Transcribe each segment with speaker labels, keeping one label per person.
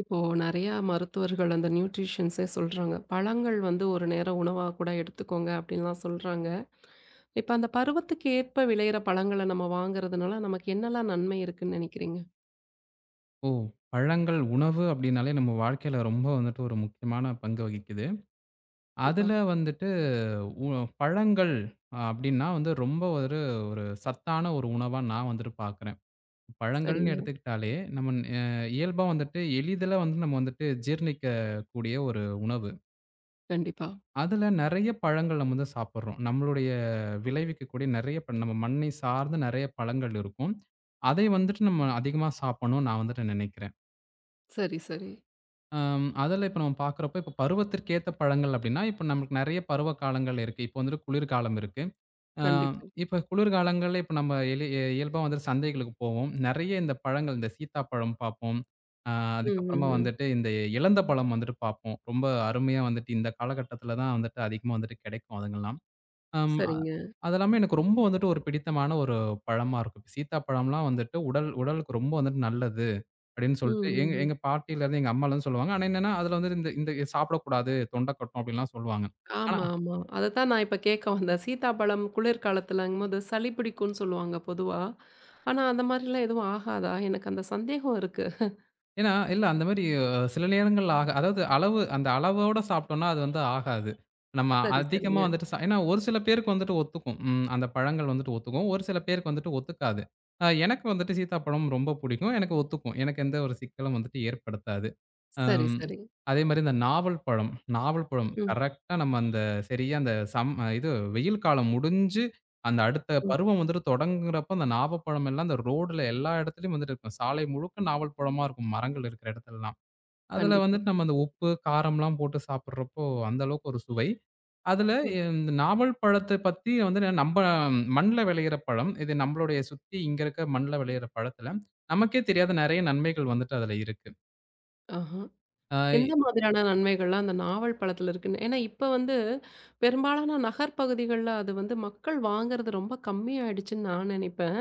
Speaker 1: இப்போ நெறையா மருத்துவர்கள் அந்த நியூட்ரிஷியன்ஸ்ஸே சொல்றாங்க. "பழங்கள் வந்து ஒரு நேரம் உணவாகக் கூட எடுத்துக்கோங்க!" அப்படின்னு எல்லாம் சொல்றாங்க. இப்போ அந்தப் பருவத்துக்கு ஏற்ப விளையிற பழங்கள நம்ம வாங்குறதுனால, நமக்கு என்னால்லாம் நன்மை இருக்குன்னு நெனைக்கிறீங்க?
Speaker 2: ஓ! பழங்கள் உணவு அப்படின்னாலே நம்ம வாழ்க்கையில ரொம்ப வந்துட்டு ஒரு முக்கியமான பங்கு வகிக்குது. அதுல
Speaker 1: கண்டிப்பா.
Speaker 2: வந்துட்டு உ பழங்கள் அ அப்படின்னா வந்து ரொம்ப ஒரு ஒரு சத்தான ஒரு உணவா நான் வந்துட்டு பாக்குறேன். பழங்கள்ன்னு
Speaker 1: சரிங்க.
Speaker 2: எடுத்துக்கிட்டாலே, நம்மன் அ இயல்பா வந்துட்டு, எளிதில வந்து நம்ம வந்துட்டு ஜீரணிக்கக்கூடிய ஒரு உணவு.
Speaker 1: கண்டிப்பா.
Speaker 2: அதுல நெறையா பழங்கள் நம்ம வந்து சாப்பிடுறோம். நம்மளுடைய விளைவிக்கக்கூடிய நெறையா ப்ப நம்ம மண்ணை சார்ந்த நெறையா பழங்கள் இருக்கும். அதை வந்துட்டு, நம்ம அதிகமா சாப்பிடணும்னு, நான் வந்துட்டு நெனைக்கிறேன்.
Speaker 1: சரி, சரி.
Speaker 2: ஆம். அதில இப்ப நம்ம பாக்கிறப்போ, இப்ப பருவத்திற்கேத்த பழங்கள் அப்படின்னா இப்ப நம்முளுக்கு நெறைய பருவ காலங்கள் இருக்கு. இப்ப வந்துட்டு குளிர் காலம் இருக்கு. ஆ
Speaker 1: கண்டிப்பா.
Speaker 2: இப்ப குளிர் காலங்கள்ல இப்ப நம்ம எளி அ இயல்பா வந்துட்டு சந்தைகளுக்குப் போவோம். நெறையா இந்தப் பழங்கள் இந்தச் சீத்தாப்பழம் பாப்போம். அ
Speaker 1: ம், ம்,
Speaker 2: அதுக்கப்புறமா
Speaker 1: ம்.
Speaker 2: வந்துட்டு, இந்த எலந்தப்பழம் வந்துட்டு பாப்போம். ரொம்ப அருமையா வந்துட்டு இந்தக் காலகட்டத்துலதான் வந்துட்டு அதிகமா வந்துட்டு கெடைக்கும் அதுங்கள்லாம். ஆம், அ
Speaker 1: சரிங்க.
Speaker 2: அதெல்லாமே எனக்கு ரொம்ப வந்துட்டு, ஒரு பிடித்தமான ஒரு பழமா இருக்கும். "சீத்தாப்பழம் எல்லாம் வந்துட்டு உடல் உடலுக்கு ரொம்ப வந்துட்டு நல்லது" அப்படின்னு
Speaker 1: ம்,
Speaker 2: சொல்லிட்டு எங்க
Speaker 1: ம், ம்.
Speaker 2: எங்க பாட்டியிலருந்து எங்க அம்மா எல்லாம் சொல்லுவாங்க. ஆனா என்னான்னா, அதுல வந்துட்டு இந்த இந்த எ சாப்பிடக்கூடாது தொண்டைக் கட்டும் அப்படின்ல்லாம் சொல்லுவாங்க. ஆனா
Speaker 1: ஆமா, ஆமா. அதைத்தான் நான் இப்ப கேட்க வந்தேன். சீத்தா பழம் குளிர் காலத்துலங்கும்போது, சளி பிடிக்கும்ன்னு சொல்லுவாங்க பொதுவா. ஆனா அந்த மாரி எல்லாம் எதுவும் ஆகாதா? எனக்கு அந்தச் சந்தேகம் இருக்கு.
Speaker 2: ஏன்னா இல்ல அந்த மாரி சில நேரங்கள்ல ஆக அதாவது அளவு, அந்த அளவோட சாப்பிட்டோம்னா அது வந்து ஆகாது. நம்ம
Speaker 1: சரி,
Speaker 2: அதிகமா
Speaker 1: சரிங்க.
Speaker 2: வந்துட்டு சா ஏன்னா ஒரு சில பேருக்கு வந்துட்டு ஒத்துக்கும். ம் அந்தப் பழங்கள் வந்துட்டு ஒத்துக்கும். ஒரு சில பேருக்கு வந்துட்டு ஒத்துக்காது. அ எனக்கு வந்துட்டு சீத்தாப்பழம் ரொம்ப புடிக்கும். எனக்கு ஒத்துக்கும். எனக்கு எந்த ஒரு சிக்கலும் வந்துட்டு ஏற்படுத்தாது.
Speaker 1: சரி,
Speaker 2: ஆம்
Speaker 1: சரிங்.
Speaker 2: அதே மாரி இந்த நாவல் பழம். நாவல் பழம்.
Speaker 1: ம்.
Speaker 2: கரெக்டா நம்ம அந்தச் சரியா அந்தச் சம் இது வெயில் காலம் முடிஞ்சு அந்த அடுத்த
Speaker 1: ம்.
Speaker 2: பருவம் வந்துட்டு தொடங்குறப்போ, அந்த நாவல் பழம் எல்லாம் அந்த ரோட்ல எல்லா இடத்துலயும் வந்துட்டு இருக்கும். சாலை முழுக்க நாவல் பழமா இருக்கும். மரங்கள் இருக்கிற இடத்துல எல்லாம். அதுல
Speaker 1: கண்டிப்பா.
Speaker 2: வந்துட்டு நம்ம அந்த உப்பு, காரம் எல்லாம் போட்டுச் சாப்பிடுறப்போ அந்த அளவுக்கு ஒரு சுவை. அதுல
Speaker 1: ம்.
Speaker 2: எ இந்த நாவல் பழத்தை பத்தி வந்து நம்ம மண்ணுல விளையிற பழம். இது நம்மளுடைய சுத்தி இங்க இருக்க மண்ணுல விளையிற பழத்துல நமக்கே தெரியாத நிறைய நன்மைகள் வந்துட்டு அதுல இருக்கு.
Speaker 1: ஆஹா.
Speaker 2: ஆ. இ
Speaker 1: எந்த மாதிரியான நன்மைகள் அந்த நாவல் பழத்தில் இருக்கு? ஏன்னா இப்ப வந்து பெரும்பாலான நகர் பகுதிகள்ல அது வந்து மக்கள் வாங்குறது ரொம்ப கம்மி ஆயிடுச்சுன்னு நான் நினைப்பேன்.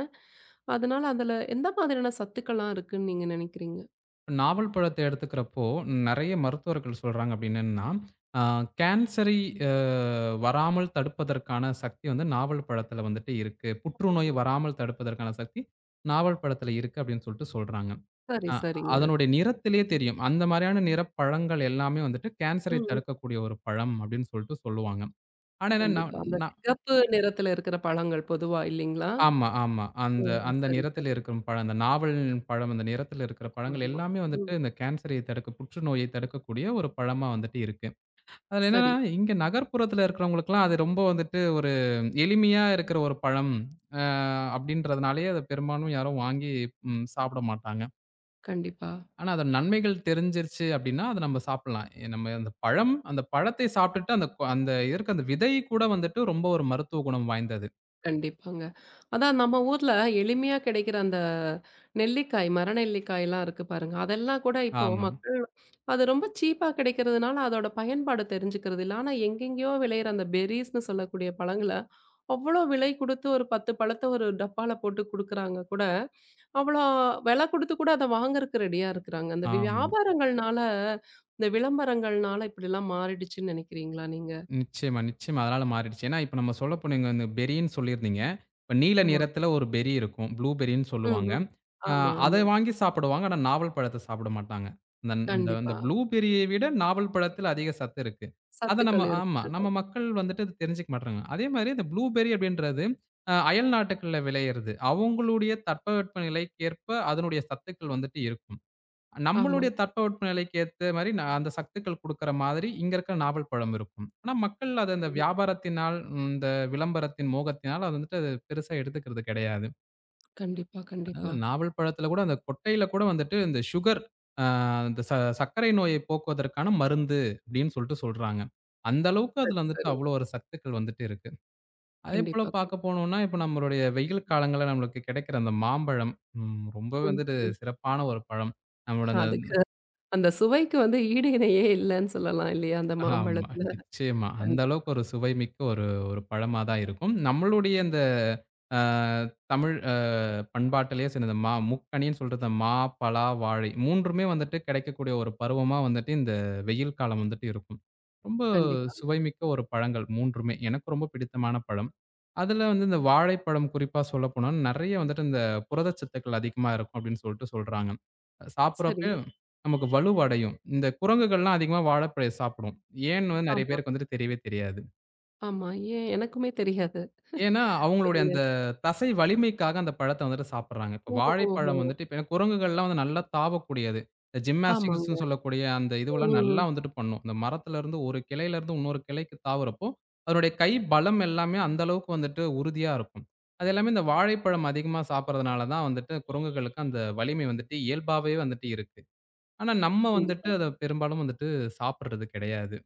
Speaker 1: அதனால அதுல எந்த மாதிரியான சத்துக்கள் எல்லாம் இருக்குன்னு நீங்க நினைக்கிறீங்க?
Speaker 2: நாவல் பழத்தை எடுத்துக்கிறப்போ நிறைய மருத்துவர்கள் சொல்றாங்க அப்படின்னு என்னன்னா, அ கேன்சரை அ வராமல் தடுப்பதற்கான சக்தி வந்து நாவல் பழத்துல வந்துட்டு இருக்கு. புற்றுநோய் வராமல் தடுப்பதற்கான சக்தி நாவல் பழத்துல இருக்கு அப்படின்னு சொல்ட்டு சொல்றாங்க.
Speaker 1: சரி,
Speaker 2: அ
Speaker 1: சரிங்க.
Speaker 2: அதனுடைய நிறத்திலேயே தெரியும். அந்த மாதிரியான நிறப் பழங்கள் எல்லாமே வந்துட்டு கேன்சரை
Speaker 1: ம்.
Speaker 2: தடுக்கக்கூடிய ஒரு பழம் அப்படின்னு சொல்ட்டு சொல்லுவாங்க. ஆனா என்ன
Speaker 1: கண்டிப்பா.
Speaker 2: நம்
Speaker 1: அந்தச்
Speaker 2: நான்
Speaker 1: சிவப்பு நிறத்தில் இருக்கிற பழங்கள் பொதுவா இல்லைங்களா?
Speaker 2: ஆமா, ஆமா.
Speaker 1: ஓ.
Speaker 2: அந்த அந்த
Speaker 1: சரி,
Speaker 2: நிறத்தில்
Speaker 1: சரி.
Speaker 2: இருக்கும் பழம் அந்த நாவல் பழம் அந்த நிறத்தில் இருக்கிற
Speaker 1: ஆமா.
Speaker 2: பழங்கள்
Speaker 1: ஆமா.
Speaker 2: எல்லாமே வந்துட்டு
Speaker 1: ம்.
Speaker 2: இந்த கேன்சரை தடுக்க புற்றுநோயை தடுக்கக்கூடிய ஒரு பழமா வந்துட்டு இருக்கு. அதுல
Speaker 1: சரி.
Speaker 2: என்னன்னா இங்க நகர்புறத்துல இருக்கிறவங்களுக்கு எல்லாம் அது ரொம்ப வந்துட்டு ஒரு எளிமையா இருக்கிற ஒரு பழம் அ அப்படின்றதுனாலேயே அத பெரும்பாலும் யாரும் வாங்கி ம் சாப்பிட மாட்டாங்க.
Speaker 1: கண்டிப்பா.
Speaker 2: ஆனா அதன் நன்மைகள் தெரிஞ்சிருச்சு அப்டின்னா அத நம்ம சாப்பிடலாம். நம்ம அந்தப் பழம் அந்தப் பழத்தை சாப்பிட்டுட்டு அந்த கொ அந்த இருக்க அந்த விதை கூட வந்துட்டு ரொம்ப ஒரு மருத்துவ குணம் வாய்ந்தது.
Speaker 1: கண்டிப்பாங்க. அதான் நம்ம ஊர்ல எளிமையா கெடைக்கிற அந்த நெல்லிக்காய், மர நெல்லிக்காய் எல்லாம் இருக்கு பாருங்க, அதெல்லாம் கூட இப்போ
Speaker 2: ஆமா.
Speaker 1: மக்கள் அத ரொம்ப சீப்பா கிடைக்கறதுனால அதோட பயன்பாடு தெரிஞ்சுக்கறது இல்லை. ஆனா எங்கேயோ விளையிற அந்தப் பெர்ரீஸ்ன்னு சொல்லக்கூடிய பழங்கள அவ்வளவு விலை கொடுத்து ஒரு 10 பழத்தை ஒரு டப்பால போட்டுக் குடுக்கிறாங்க கூட அவ்வள வெல கொடுத்து கூட அத வாங்கறதுக்கு ரெடியா இருக்கிறாங்க. அந்த
Speaker 2: ஆமா.
Speaker 1: வியாபாரங்கள்னால இந்த விளம்பரங்கள்னால இப்டி எல்லாம் மாறிடுச்சுன்னு நெனைக்கிறீங்களா நீங்க?
Speaker 2: நிச்சயமா, நிச்சயமா அதனால மாறிடுச்சு. ஏன்னா இப்ப நம்ம சொல்லப்போனா இங்க அந்த பெர்ரி ன்னு சொல்லிருந்தீங்க. நீல
Speaker 1: ஆமா.
Speaker 2: நிறத்துல ஒரு பெர்ரி இருக்கும் புளூபெர்ரின்னு
Speaker 1: ம்.
Speaker 2: சொல்லுவாங்க.
Speaker 1: ம்.
Speaker 2: அ
Speaker 1: ஆமா,
Speaker 2: அத
Speaker 1: ஆமா.
Speaker 2: வாங்கி சாப்பிடுவாங்க. ஆனா நாவல் பழத்த சாப்பிட மாட்டாங்க. அந்த அந்த அந்த
Speaker 1: கண்டிப்பா.
Speaker 2: புளூபெர்ரியை விட நாவல் பழத்துல அதிக சத்து இருக்கு. அத நம்ம
Speaker 1: சத்துக்கள்
Speaker 2: ஆமா நம்ம
Speaker 1: இருக்குது.
Speaker 2: மக்கள் வந்துட்டு அதத் தெரிஞ்சுக்க மாட்றாங்க. அதே மாதிரி இந்த புளூபெர்ரி அப்டின்றது அ அயல்நாட்டுகளில விளயிறது. அவங்களுடைய தட்பவெப்பநிலைக்கு ஏற்ப அதனுடைய சத்துக்கள் வந்துட்டு இருக்கும்.
Speaker 1: ஆமா.
Speaker 2: நம்மளுடைய தட்பவெப்பநிலைக்கு ஏத்த மாதிரி நா அந்தச் சத்துக்கள் குடுக்கிற மாதிரி இங்க இருக்கிற நாவல் பழம் இருக்கும். ஆனா மக்கள் ம் அந்த
Speaker 1: ம்.
Speaker 2: வியாபாரத்தினால் இந்த விளம்பரத்தின் மோகத்தினால் அத வந்துட்டு பெருசா எடுத்துக்கிறது கெடயாது.
Speaker 1: கண்டிப்பா,
Speaker 2: அதனால
Speaker 1: கண்டிப்பா.
Speaker 2: நாவல் பழத்துல கூட அந்தக் கொட்டையில கூட வந்துட்டு இந்த சுகர் அ இந்த "ச சர்க்கரை நோய போக்குவதற்கான மருந்து!" அப்படின்னு சொல்லிட்டு சொல்றாங்க. அந்த அளவுக்கு அதுல
Speaker 1: சரி,
Speaker 2: வந்துட்டு
Speaker 1: சரி.
Speaker 2: அவ்வளவு ஒரு சத்துக்கள் வந்துட்டு இருக்கு. அதேபோல
Speaker 1: கண்டிப்பா
Speaker 2: பாக்கப் போனோம்ன்னா இப்ப நம்மளுடைய வெயில் காலங்கள்ல நம்மளுக்கு கெடைக்கிற அந்த மாம்பழம் ம் ரொம்ப
Speaker 1: ம்,
Speaker 2: வந்துட்டு
Speaker 1: ம்.
Speaker 2: சிறப்பான ஒரு பழம். நம்மளோட அந்த
Speaker 1: அதுக்கு
Speaker 2: ம்.
Speaker 1: அந்த சுவைக்கு வந்து ஈடு இணையையே இல்லன்னு சொல்லலாம் இல்லையா அந்த
Speaker 2: ஆமா
Speaker 1: மாம்பழத்துல?
Speaker 2: நிச்சயமா. அந்த அளவுக்கு ஒரு சுவைமிக்க ஒரு ஒரு பழமாதான் இருக்கும். நம்மளுடைய இந்த, அ தமிழ் அ பண்பாட்டுலயே சொன்னது, மா முக்கனின்னு சொல்றது மா, பலா, வாழை 3மே வந்துட்டு கிடைக்கக்கூடிய ஒரு பருவமா வந்துட்டு இந்த வெயில் காலம் வந்துட்டு இருக்கும். ரொம்ப
Speaker 1: கண்டிப்பாங்க.
Speaker 2: சுவைமிக்க ஒரு பழங்கள் 3மே எனக்கு ரொம்ப பிடித்தமான பழம். அதுல வந்து இந்த வாழைப்பழம் குறிப்பா சொல்லப்போனா நெறையா வந்துட்டு இந்த புரதச் சத்துக்கள் அதிகமா இருக்கும் அப்படின்னு சொல்லிட்டு சொல்றாங்க. அது
Speaker 1: சரி.
Speaker 2: சாப்பிடுறப்பயே நமக்கு வலுவடையும். இந்த குரங்குகள் எல்லாம் அதிகமா வாழை பழத்த சாப்பிடும். ஏன்ன்னு வ நெறையா
Speaker 1: ஆமா.
Speaker 2: பேருக்கு வந்துட்டு தெரியவே தெரியாது.
Speaker 1: ஆமா, ஏன்? எனக்குமே தெரியாது.
Speaker 2: ஏன்னா, அவுங்களுடைய
Speaker 1: சொல்லுங்க.
Speaker 2: அந்த தசை வலிமைக்காக அந்தப் பழத்த வந்துட்டு சாப்பிடுறாங்க. இப்போ
Speaker 1: ஓஹோஹோ!
Speaker 2: வாழைப்பழம் வந்துட்டு இப்ப குரங்குகள் எல்லாம் வந்து நல்லா தாவக்கூடியது. இந்த
Speaker 1: ஆமாங்க.
Speaker 2: ஜிம்னாஸ்டிக்ஸ்சுன்னு சொல்லக்கூடிய அந்த
Speaker 1: ம்,
Speaker 2: இதுவல்லாம்
Speaker 1: ம்,
Speaker 2: நல்லா
Speaker 1: ம்.
Speaker 2: வந்துட்டு பண்ணும். அந்த மரத்துல இருந்து ஒரு கிளையிலருந்து இன்னொரு கிளைக்கு தாவுறப்போ, அதனுடைய கை, பலம் எல்லாமே அந்த அளவுக்கு வந்துட்டு உறுதியா இருக்கும். அதெல்லாமே இந்த வாழைப்பழம் அதிகமா சாப்பிடுறதுனாலதான் வந்துட்டு, குரங்குகளுக்கு அந்த வலிமை வந்துட்டு, இயல்பாவே வந்துட்டு இருக்கு. ஆனா நம்ம வந்துட்டு
Speaker 1: கண்டிப்பா.
Speaker 2: அத பெரும்பாலும் வந்துட்டு சாப்பிடுறது கெடையாது.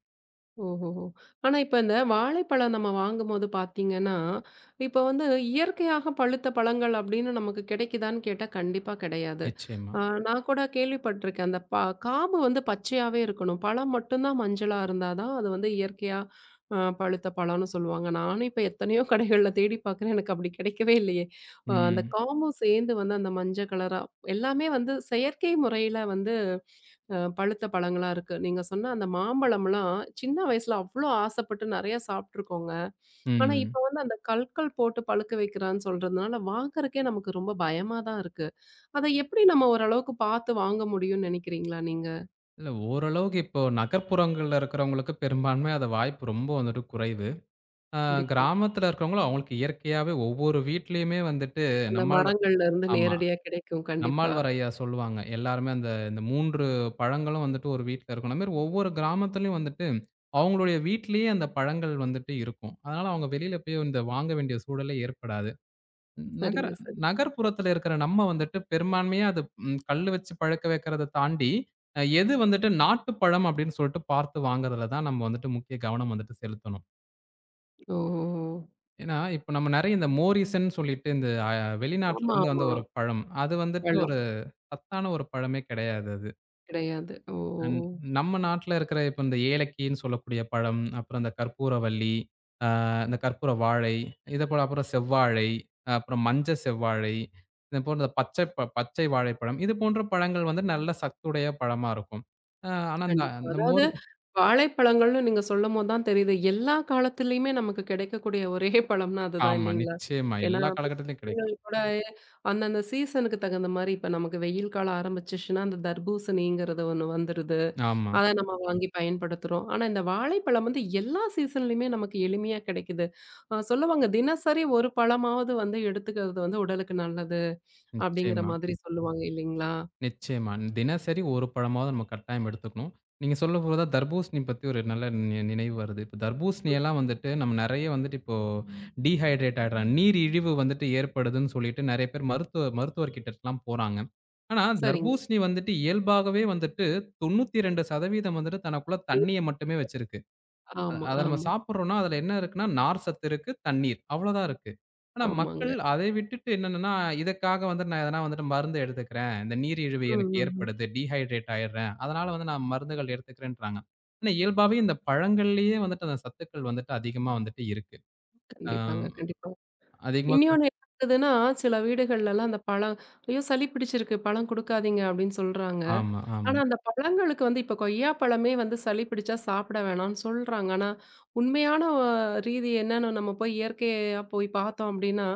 Speaker 1: ஓஹோஹோ. ஆனா இப்ப இந்த வாழைப்பழம் நம்ம வாங்கும் போது பாத்தீங்கன்னா, இப்ப வந்து இயற்கையாகப் பழுத்த பழங்கள் அப்டின்னு நமக்குக் கெடைக்குதான்னு கேட்டா கண்டிப்பா கெடயாது.
Speaker 2: நிச்சயமா.
Speaker 1: நான் கூடக் கேள்விப்பட்டிருக்கேன். அந்தக் பா காம்பு வந்து பச்சையாவே இருக்கணும். பழம் மட்டும்தான் மஞ்சள இருந்தா தான் அது வந்து இயற்கையாகப் பழுத்த பழம்னு சொல்லுவாங்க. நானும் இப்ப எத்தனையோ கடைகள்ல தேடிப் பாக்குறேன். எனக்கு அப்படி கிடைக்கவே இல்லயே. அந்தக்
Speaker 2: ம்.
Speaker 1: காம்பு சேந்து வந்து அந்த மஞ்சள் கலரா எல்லாமே வந்து செயற்கை முறையில வந்து பழுத்த பழங்களா இருக்கு. நீங்கச் சொன்ன அந்த மாம்பழம்ல்லாம் சின்ன வயசுல அவ்ளோ ஆசைப்பட்டு நெறய சாப்பிட்டிருக்கோங்க. ஆனா
Speaker 2: ம்.
Speaker 1: இப்ப வந்து அந்தக் கல்கள் போட்டுப் பழுக்க வெக்கறேன்னு சொல்றதுனால வாங்கறதுக்கே நமக்கு ரொம்ப பயமாதான் இருக்கு. அத எப்டி நம்ம ஒரு அளவுக்குப் பாத்து வாங்க முடியும்னு நெனைக்கிறீங்களா நீங்க?
Speaker 2: இல்ல ஓரளவுக்கு இப்போ நகர்ப்புறங்கள்ல இருக்கிறவங்களுக்கு பெரும்பான்மை அது வாய்ப்பு ரொம்ப வந்துட்டு குறைவு. அ,
Speaker 1: கண்டிப்பா.
Speaker 2: கிராமத்துல இருக்கிறவங்களுக்கு அவங்களுக்கு இயற்கையாவே ஒவ்வொரு வீட்டிலயுமே வந்துட்டு
Speaker 1: அந்த
Speaker 2: நம்மாழ்வார்
Speaker 1: மரங்கள்ல இருந்து
Speaker 2: ஆமா,
Speaker 1: நேரடியா கிடைக்கும். கண்டிப்பா.
Speaker 2: நம்மாழ்வார் ஐயா சொல்லுவாங்க. எல்லாருமே அந்த இந்த 3 பழங்களும் வந்துட்டு ஒரு வீட்ல இருக்கணும். அது மாரி ஒவ்வொரு கிராமத்திலயும் வந்துட்டு அவங்களுடைய வீட்லயே அந்தப் பழங்கள் வந்துட்டு இருக்கும். அதனால அவங்க வெளியில போயி இந்த வாங்க வேண்டிய சூழலே ஏற்படாது. நகர
Speaker 1: சரிங்க, சரி.
Speaker 2: நகர்ப்புறத்துல இருக்கிற நம்ம வந்துட்டு பெரும்பான்மையா அது கல்லு வச்சு பழக்க வெக்கிறத தாண்டி எது வந்துட்டு நாட்டுப் பழம் அப்டின்னு சொல்லிட்டு பார்த்து வாங்குறதுலதான் நம்ம வந்துட்டு முக்கிய கவனம் வந்துட்டு செலுத்தணும்.
Speaker 1: ஓ!
Speaker 2: ஏன்னா, இப்ப நம்ம நெறைய இந்த மோரீசன் சொல்லிட்டு இந்த வெளிநாட்டுல
Speaker 1: ஆமா,
Speaker 2: இருந்து வந்த
Speaker 1: ஆமா.
Speaker 2: ஒரு பழம். அது வந்துட்டு
Speaker 1: வேணும்.
Speaker 2: ஒரு சத்தான ஒரு பழமே கிடையாது அது.
Speaker 1: கிடையாது.
Speaker 2: ம்
Speaker 1: ம்.
Speaker 2: நம்ம நாட்டுல இருக்கிற இப்ப இந்த ஏலக்கின்னு சொல்லக்கூடிய பழம், அப்புறம் இந்தக் கற்பூரவள்ளி, அ இந்தக் கற்பூர வாழை, இதைப்போல அப்புறம் செவ்வாழை, அப்புறம் மஞ்ச செவ்வாழை, இதைப் போன்ற பச்சப் பச்சை வாழைப்பழம் இது போன்ற பழங்கள் வந்து நல்ல சத்துடைய பழமா இருக்கும். ஆ ஆனா அந்த
Speaker 1: கண்டிப்பா.
Speaker 2: அந்த
Speaker 1: அதாவது
Speaker 2: மோரு
Speaker 1: வாழைப்பழங்கள்னு நீங்க சொல்லும்போது தான் தெரியுது. எல்லா காலத்திலேயுமே நமக்குக் கிடைக்கக்கூடிய ஒரே பழம்னா அது தான்
Speaker 2: ஆமா
Speaker 1: இல்லீங்களா?
Speaker 2: நிச்சயமா
Speaker 1: ஏன்னா
Speaker 2: எல்லா காலக்கட்டத்திலும்
Speaker 1: அந்தந்த
Speaker 2: கிடைக்கும்.
Speaker 1: போலவே சீசன்க்கு தகுந்த மாரி இப்ப நமக்கு வெயில் காலம் ஆரம்பிச்சுடுச்சுன்னா அந்தத் தர்பூசணிங்கிறது ஒண்ணு வந்துருது.
Speaker 2: ஆமா.
Speaker 1: அதை நாம வாங்கி பயன்படுத்துறோம். ஆனா இந்த வாழைப்பழம் வந்து எல்லா சீசன்லையுமே நமக்கு எளிமையா கிடைக்குது. சொல்லுவாங்க தினசரி ஒரு பழமாவது வந்து எடுத்துக்கிறது உடலுக்கு நல்லது அப்படிங்கிற
Speaker 2: நிச்சயமா.
Speaker 1: மாதிரி சொல்லுவாங்க இல்லீங்களா?
Speaker 2: நிச்சயமா. தினசரி ஒரு பழமாவது நம்ம கட்டாயம் எடுத்துக்கணும். நீங்க சொல்லப் போதுதான் தர்பூசணி பத்தி ஒரு நல்ல நினைவு வருது. இப்ப தர்பூசணி எல்லாம் வந்துட்டு நம்ம நெறைய வந்துட்டு இப்போ டீஹைட்ரேட் ஆயிடுறோம். நீரிழிவு வந்துட்டு ஏற்படுதுன்னு சொல்லிட்டு நெறைய பேர் மருத்துவ மருத்துவர்கிட்டெல்லாம் போறாங்க. ஆனா
Speaker 1: சரிங்க.
Speaker 2: தர்பூசணி வந்துட்டு இயல்பாகவே வந்துட்டு 92% வந்துட்டு தனக்குள்ள தண்ணிய மட்டுமே வச்சிருக்கு.
Speaker 1: ஆமா,
Speaker 2: அத நம்ம
Speaker 1: ஆமா.
Speaker 2: சாப்பிடுறோம்னா அதுல என்ன இருக்குன்னா நார் சத்து இருக்கு, தண்ணீர். அவ்வளவுதான் இருக்கு. ஆனா மக்கள்
Speaker 1: ஆமாங்க.
Speaker 2: அதை விட்டுட்டு என்னன்னா, இதற்காக வந்துட்டு நான் எதனா மருந்து எடுத்துக்கிறேன். இந்த நீரிழிவு
Speaker 1: ம்,
Speaker 2: எனக்கு
Speaker 1: ம், ம்.
Speaker 2: ஏற்படுது, டீஹைட்ரேட் ஆயிடுறேன். அதனால வந்து நான் மருந்துகள் எடுத்துக்கிறேன்றாங்க. ஆனா இயல்பாவே இந்தப் பழங்கள்லயே வந்துட்டு அந்தச் சத்துக்கள் வந்துட்டு அதிகமா வந்துட்டு இருக்கு. அ
Speaker 1: கண்டிப்பாங்க, கண்டிப்பா.
Speaker 2: அதிகமா சொல்
Speaker 1: இன்னொன்னு என்னதுன்னா, சில வீடுகள்ல எல்லாம் அந்தப் பழம், "ஐயோ! சளி பிடிச்சிருக்கு பழம் குடுக்காதீங்க" அப்படின்னு சொல்றாங்க.
Speaker 2: ஆமா, ஆமா.
Speaker 1: ஆனா அந்தப் பழங்களுக்கு வந்து இப்ப கொய்யாப்பழமே வந்து சளி பிடிச்சா சாப்பிட வேணாம்னு சொல்றாங்க. ஆனா உண்மையான ரீதி என்னன்னு நம்ம போய்க் இயற்கையா போய்ப் பார்த்தோம் அப்படின்னா,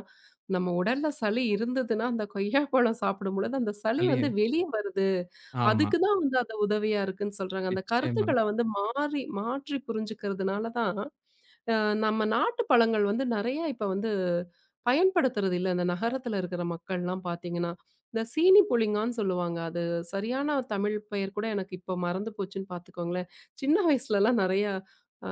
Speaker 1: நம்ம உடல்ல சளி இருந்ததுன்னா அந்தக் கொய்யாப்பழம் சாப்பிடும்போது அந்த சளி வந்து
Speaker 2: சளிய
Speaker 1: வெளிய வருது
Speaker 2: ஆமா.
Speaker 1: அதுக்கு தான் வந்து அது உதவியா இருக்குன்னு சொல்றாங்க. அந்தக்
Speaker 2: நிச்சயமா.
Speaker 1: கருத்துக்கள்ல வந்து மாறி மாற்றிப் புரிஞ்சுக்கிறதுனால தான் நம்ம நாட்டுப் பழங்கள் வந்து நெறைய இப்ப வந்து பயன்படுத்துறது இல்ல. இந்த நகரத்துல இருக்கிற மக்கள் எல்லாம் பாத்தீங்கன்னா, இந்தச் சீனி புளிங்கான்னு சொல்லுவாங்க. அது சரியான தமிழ் பெயர் கூட எனக்கு இப்போ மறந்து போச்சுன்னு பாத்துக்கோங்களேன். சின்ன வயசுலல்லாம் நெறைய அ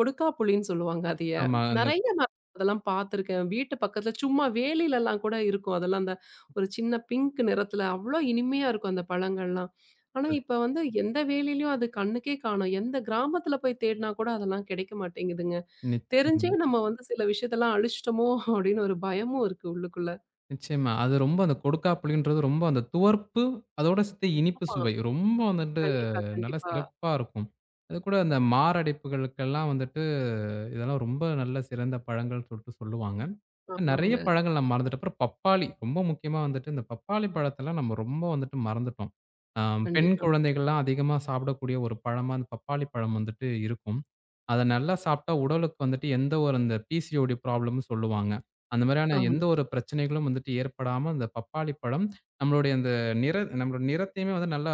Speaker 1: கொடுக்காப்புளின்னு சொல்லுவாங்க அதைய.
Speaker 2: ஆமா இங்க
Speaker 1: நெறைய நாளா அதெல்லாம் பாத்திருக்கேன். வீட்டு பக்கத்துல சும்மா வேலியில எல்லாம் கூட இருக்கும். அதெல்லாம் அந்த ஒரு சின்ன பிங்க் நிறத்துல அவ்வளவு இனிமையா இருக்கும் அந்தப் பழங்கள் எல்லாம். ஆனா, இப்ப வந்து எந்த வேலியிலும் அது கண்ணுக்கே காணோம். எந்தக் கிராமத்துல போய்த் தேடினா கூட அதெல்லாம் கிடைக்க மாட்டேங்குதுங்க. தெரிஞ்சு
Speaker 2: நிச்சியமா.
Speaker 1: நம்ம வந்து சில விஷயத்த எல்லாம் அழிச்சிட்டோமோ! அப்படின்னு ஒரு பயமும் இருக்கு உள்ளுக்குள்ள.
Speaker 2: நிச்சயமா. அது ரொம்ப அந்தக் கொடுக்காப்புளின்றது ரொம்ப அந்தத் துவர்ப்பு, அதோட சேத்து இனிப்பு
Speaker 1: [unintelligible]
Speaker 2: சுவை. ரொம்ப வந்துட்டு
Speaker 1: கண்டிப்பா,
Speaker 2: நல்லா
Speaker 1: கண்டிப்பா.
Speaker 2: சிறப்பா இருக்கும். அது கூட அந்த மாரடைப்புகளுக்கெல்லாம் வந்துட்டு இதெல்லாம் ரொம்ப நல்ல சிறந்த பழங்கள்னு சொல்ட்டு சொல்லுவாங்க. நிறைய
Speaker 1: ஆமாங்க.
Speaker 2: பழங்கள் நம்ம மறந்துட்டோம். அப்புறம் பப்பாளி. ரொம்ப முக்கியமா வந்துட்டு இந்தப் பப்பாளிப் பழத்தை எல்லாம் நம்ம ரொம்ப வந்துட்டு மறந்துட்டோம். அ பெண்
Speaker 1: கண்டிப்பா.
Speaker 2: குழந்தைகள் எல்லாம் அதிகமா சாப்பிடக்கூடிய ஒரு பழமா இந்தப் பப்பாளிப்பழம் வந்துட்டு இருக்கும். அதை நல்லா சாப்பிட்டா உடலுக்கு வந்துட்டு எந்த ஒரு இந்த பிசிஓடி ப்ராப்ளம்ன்னு சொல்லுவாங்க. அந்த மாதிரியான
Speaker 1: ஆமா.
Speaker 2: எந்த ஒரு பிரச்சனைகளும் வந்துட்டு ஏற்படாமல் அந்தப் பப்பாளிப்பழம் நம்மளுடைய அந்த நிற நம்முடைய நிறத்தையுமே வந்து நல்லா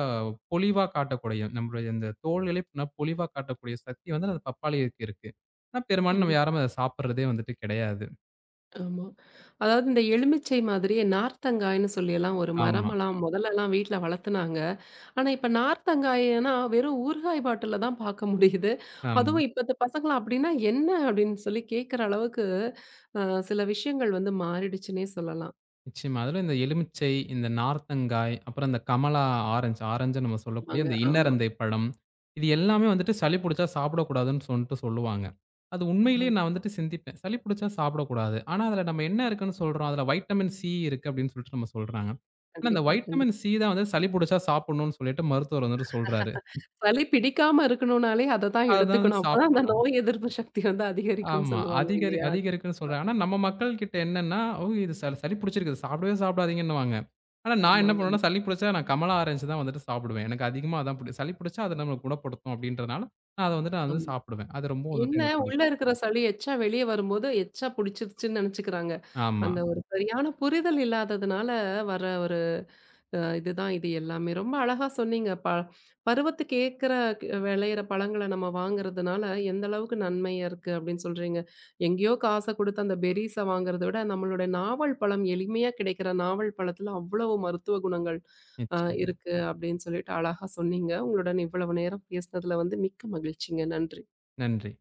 Speaker 2: பொலிவா காட்டக்கூடிய நம்மளுடைய இந்தத் தோலிலே பொலிவா காட்டக்கூடிய சக்தி வந்து அந்தப் பப்பாளிக்கு இருக்கு. ஆனா பெரும்பான்மை நாம
Speaker 1: கண்டிப்
Speaker 2: யாரும் அதைச் சாப்பிடுறதே வந்துட்டு கிடையாது.
Speaker 1: ஆமா. அதாவது இந்த எலுமிச்சை மாதிரியே நார்த்தங்காய்ன்னு சொல்லி எல்லாம் ஒரு
Speaker 2: ஆமா.
Speaker 1: மரமெல்லாம் முதல்ல எல்லாம் வீட்ல வளத்துனாங்க. ஆனா, இப்ப நார்த்தங்காய்னா வெறும் ஊறுகாய் பாட்டில்ல தான் பார்க்க முடியுது.
Speaker 2: ஆமா.
Speaker 1: அதுவும் இப்பத்து பசங்க அப்படின்னா என்ன அப்படின்னு சொல்லி கேக்குற அளவுக்கு அ சில விஷயங்கள் வந்து மாறிடுச்சுன்னே சொல்லலாம்.
Speaker 2: நிச்சயமா. அதுல இந்த எலுமிச்சை, இந்த நார்த்தங்காய், அப்புறம் இந்தக் கமலா ஆரஞ்ச் ஆரஞ்ச்ன்னு நம்ம சொல்லக்கூடிய
Speaker 1: ஆமாங்க,
Speaker 2: அந்த
Speaker 1: ஆமா.
Speaker 2: இன்னரந்தைப்பழம். இது எல்லாமே வந்துட்டு சளி புடிச்சா சாப்பிடக்கூடாதுன்னு சொல்ட்டு சொல்லுவாங்க. அது உண்மையிலே
Speaker 1: ஆமாங்.
Speaker 2: நான் வந்துட்டு சிந்திப்பேன். சளி புடிச்சா சாப்பிட கூடாது. ஆனா அதுல நம்ம என்ன இருக்குன்னு சொல்றோம்? அதுல வைட்டமின் சி இருக்கு அப்படின்னு சொல்ட்டு நம்ம சொல்றாங்க. ஆனா அந்த
Speaker 1: கண்டிப்பா, கண்டிப்
Speaker 2: வைட்டமின் சி தான் வந்து சளி புடிச்சா சாப்பிடணும்னு சொல்லிட்டு மருத்துவர் வந்துட்டு சொல்றாரு.
Speaker 1: சளி பிடிக்காம இருக்கணும்னாலே அதைத் தான்
Speaker 2: அதைத் தான் வந்து
Speaker 1: எடுத்துக்கணும். அப்பத் தான் அந்த
Speaker 2: சாப்பிடணும்.
Speaker 1: நோய் எதிர்ப்பு சக்தி அதிகரிக்கும்னு
Speaker 2: ஆமா.
Speaker 1: சொல்லுவாங்க
Speaker 2: அதிகரி
Speaker 1: இல்லையா?
Speaker 2: அதிகரிக்குன்னு சொல்றாங்க. ஆனா நம்ம மக்கள்கிட்ட என்னன்னா, ஓ! இது ச சளி புடிச்சிருக்கு, சாப்பிடவே சாப்பிடாதீங்கன்னுவாங்க. ஆனா நான் என்ன
Speaker 1: ஆமாங்க.
Speaker 2: பண்ணுவேன்னா சளி புடிச்சா நான் கமலா ஆரஞ்ச் தான் வந்துட்டு சாப்பிடுவேன். எனக்கு அதிகமா அதுதான் புடிக்கும். சளி புடிச்சா அது நம்மள குணப்படுத்தும் அப்படின்றதுனால நான் அதை வந்துட்டு
Speaker 1: ஆம்.
Speaker 2: நான் சாப்பிடுவேன். அது ரொம்பவும் வந்துட்டு
Speaker 1: என்ன
Speaker 2: எனக்குப்
Speaker 1: உள்ள
Speaker 2: புடிக்கும்.
Speaker 1: இருக்கிற சளி எச்சா வெளிய வரும்போது எச்சா புடிச்சிருச்சுன்னு நினைச்சுக்கிறாங்க. அந்த
Speaker 2: ஆமா.
Speaker 1: ஒரு சரியான புரிதல் இல்லாததுனால வர்ற ஒரு அ இது தான் இது எல்லாமே. ரொம்ப அழகா சொன்னீங்க. ப பருவத்துக்கு ஏக்கற, விளையிற பழங்களை நாம வாங்குறதுனால எந்த அளவுக்கு நன்மை இருக்கு அப்படின்னு சொல்றீங்க. எங்கயோ காச கொடுத்து அந்த பெர்ரீஸ் வாங்குறதைவிட நம்மளோட நாவல் பழம் எளிமையா கிடைக்கிற நாவல் பழத்துல அவ்ளோ மருத்துவ குணங்கள் அ
Speaker 2: நிச்சயமா.
Speaker 1: இருக்கு அப்படின்னு சொல்லிட்டு அழகா சொன்னீங்க. உங்களோட இவ்வளவு நேரம் பேசுனதுல வந்து மிக்க மகிழ்ச்சிங்க. நன்றி.
Speaker 2: நன்றி.